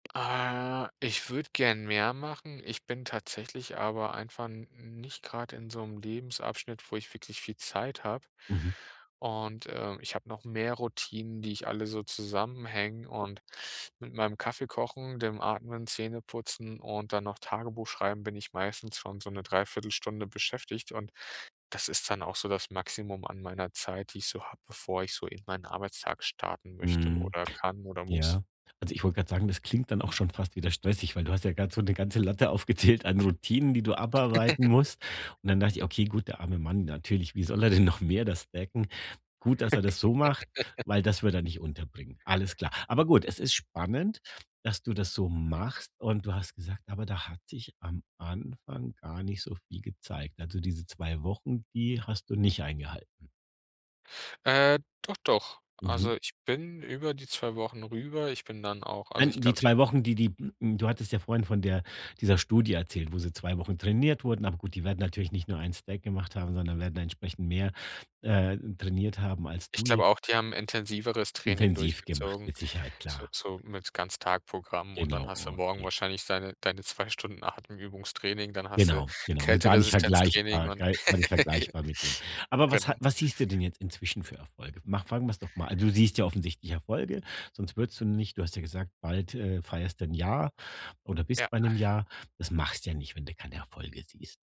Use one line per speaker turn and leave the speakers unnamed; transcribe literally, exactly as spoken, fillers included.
Äh, ich würde gern mehr machen. Ich bin tatsächlich aber einfach n nicht grad in so 'nem Lebensabschnitt, wo ich wirklich viel Zeit habe
Mhm.
und, äh, ich habe noch mehr Routinen, die ich alle so zusammenhänge, und mit meinem Kaffee kochen, dem Atmen, Zähneputzen und dann noch Tagebuch schreiben bin ich meistens schon so 'ne dreiviertel Stunde beschäftigt und das ist dann auch so das Maximum an meiner Zeit, die ich so habe, bevor ich so in meinen Arbeitstag starten möchte
Mhm.
oder kann oder muss.
Ja. Also, ich wollte grad sagen, das klingt dann auch schon fast wieder stressig, weil du hast ja grad so 'ne ganze Latte aufgezählt an Routinen, die du abarbeiten musst, und dann dachte ich: „Okay, gut, der arme Mann natürlich, wie soll er denn noch mehr das decken? Gut, dass er das so macht, weil das würde er nicht unterbringen.“ Alles klar. Aber gut, es ist spannend, dass du das so machst, und du hast gesagt: „Aber da hat sich am Anfang gar nicht so viel gezeigt.“ Also, diese zwei Wochen, die hast du nicht eingehalten?
Äh, doch, doch.
Mhm.
Also, ich bin über die zwei Wochen rüber. Ich bin dann auch also ich
Nein, die
glaube, ich habe
zwei Wochen, die die d m du hattest ja vorhin von der dieser Studie erzählt, wo sie zwei Wochen trainiert wurden. Aber gut, die werden natürlich nicht nur einen Stack gemacht haben, sondern werden entsprechend mehr, äh, trainiert haben als
Ich
du jetzt
glaube auch, die haben intensiveres Training
Intensiv gemacht,
durchgezogen,
mit Sicherheit,
so
klar.
so mit Ganztagsprogramm, und dann
Genau,
hast du morgen
okay.
wahrscheinlich deine deine zwei Stunden Atemübungstraining, dann hast du
Genau, genau, halt gar nicht
Kälteresistenztraining
vergleichbar
und
gar nicht vergleichbar mit dem, aber was
genau.
ha was siehst du denn jetzt inzwischen für Erfolge? Mach fangen wir's doch mal du siehst ja offensichtlich Erfolge, sonst würdest du nicht du hast ja gesagt, bald, äh, feierst du 'n Jahr oder
Ja.
bist bei 'nem Jahr. Das machst du ja nicht, wenn du keine Erfolge siehst.